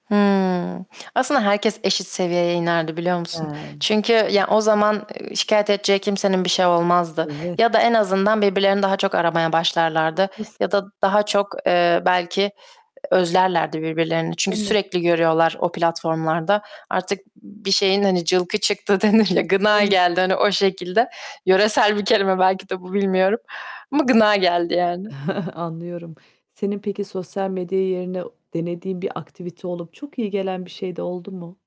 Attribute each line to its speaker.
Speaker 1: Hıı. Aslında herkes eşit seviyeye inerdi, biliyor musun?
Speaker 2: Hıı.
Speaker 1: Çünkü, ya o zaman, eee, şikâyet edeceği kimsenin bir şey olmazdı.
Speaker 2: Eve
Speaker 1: Ya da en azından birbirlerini daha çok aramaya başlarlardı.
Speaker 2: Haklısın.
Speaker 1: Ya da daha çok, eee, belki e e özlerlerdi birbirlerini. Çünkü
Speaker 2: Değil mi?
Speaker 1: sürekli görüyorlar o platformlarda. Artık bir şeyin, hani, "Cılkı çıktı." denir ya, gına
Speaker 2: Eve
Speaker 1: geldi, hani, o şekilde. Yöresel bir kelime belki de bu
Speaker 2: [unintelligible]
Speaker 1: bilmiyorum ama gına geldi yani.
Speaker 2: Anlıyorum. Senin peki sosyal medya yerine denediğin bir aktivite olup çok iyi gelen bir şey de oldu mu?